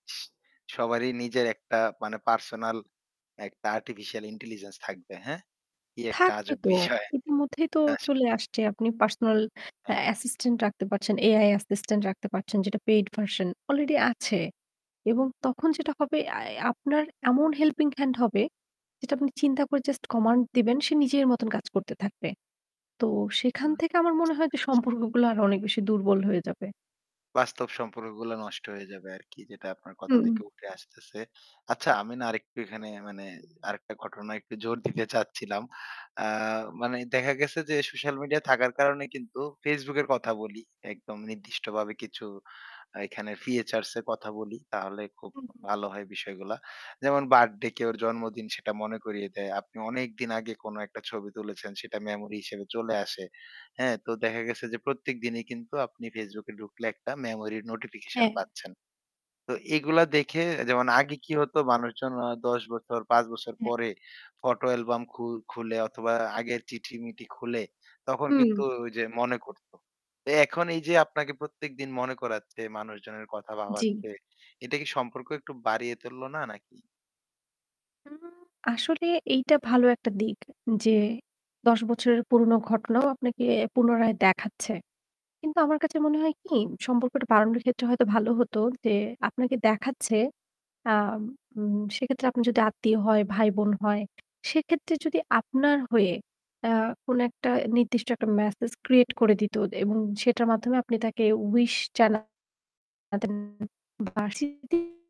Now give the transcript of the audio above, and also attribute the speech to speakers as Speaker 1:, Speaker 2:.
Speaker 1: সবারই নিজের একটা মানে পার্সোনাল একটা আর্টিফিশিয়াল ইন্টেলিজেন্স থাকবে, হ্যাঁ? কি একটা
Speaker 2: থাকবে
Speaker 1: আজব
Speaker 2: তো।
Speaker 1: বিষয়,
Speaker 2: ইতিমধ্যেই তো চলে
Speaker 1: আসলেই।
Speaker 2: আসছে। আপনি পার্সোনাল অ্যা
Speaker 1: হ্যাঁ।
Speaker 2: অ্যাসিস্ট্যান্ট রাখতে পারছেন, AI অ্যাসিস্ট্যান্ট রাখতে পারছেন যেটা পেইড ভার্সন অলরেডি আছে। এবং তখন যেটা হবে আই আ আপনার এমন হেল্পিং হ্যান্ড হবে যেটা আপনি চিন্তা করে জাস্ট কমান্ড দিবেন সে নিজের মত কাজ করতে থাকবে। তো সেখান
Speaker 1: হুম,
Speaker 2: থেকে আমার মনে
Speaker 1: বুঝতে
Speaker 2: হয় যে
Speaker 1: পেরেছি।
Speaker 2: সম্পর্কগুলো আরো অনেক বেশি দুর্বল হয়ে যাবে।
Speaker 1: বাস্তব সম্পর্কগুলো নষ্ট হয়ে যাবে, আরকি যেটা আপনার কথা
Speaker 2: হুম।
Speaker 1: থেকে উঠে আসতেছে। আচ্ছা আমি না আরেকটু এখানে মানে আরেকটা ঘটনায় একটু জোর দিতে চাচ্ছিলাম। আ মানে দেখা গেছে যে, সোশ্যাল মিডিয়া থাকার কারণে কিন্তু Facebook এর কথা বলি। একদম নির্দিষ্টভাবে কিছু এখানে ফিচার এর কথা বলি। তাহলে খুব
Speaker 2: উ হুম।
Speaker 1: ভালো হয় বিষয়গুলা। যেমন বার্থডে কেউ এর জন্মদিন সেটা মনে করিয়ে দেয়। আপনি অনেকদিন আগে কোন একটা ছবি তুলেছেন সেটা মেমোরি হিসেবে চলে আসে। হ্যাঁ, তো দেখা গেছে যে প্রত্যেক দিনই কিন্তু আপনি Facebook এ ঢুকলে একটা মেমোরি নোটিফিকেশন
Speaker 2: হ্যাঁ।
Speaker 1: পাচ্ছেন। তো এগুলা দেখে যেমন আগে কি হতো মানুষজন অ ১০ বছর ৫ বছর
Speaker 2: হ্যাঁ।
Speaker 1: পরে ফটো অ্যালবাম খু খুলে অথবা আগের চিঠি-মিঠি খুলে, তখন
Speaker 2: হুম।
Speaker 1: কিন্তু ওই যে মনে করত। এ এখন এই যে আপনাকে প্রত্যেকদিন মনে করাচ্ছে মানুষজনের কথা
Speaker 2: জ্বি।
Speaker 1: ভাবাচ্ছে। এটা কি সম্পর্ক একটু বাড়িয়ে তুলল না নাকি?
Speaker 2: হুম, আসলে এইটা ভালো একটা দিক যে ১০ বছরের পুরোনো ঘটনাও আপনাকে পুনরায় দেখাচ্ছে। কিন্তু আমার কাছে মনে হয় কি সম্পর্কটা বাড়ানোর ক্ষেত্রে হয়তো ভালো হতো যে আপনাকে দেখাচ্ছে। আম উম সেক্ষেত্রে আপনি যদি আত্মীয় হয়, ভাই বোন হয়, সেক্ষেত্রে যদি আপনার হয়ে আ কোন একটা নির্দিষ্ট একটা মেসেজ ক্রিয়েট করে দিত এবং সেটার মাধ্যমে আপনি তাকে উইশ জানাতেন [unintelligible]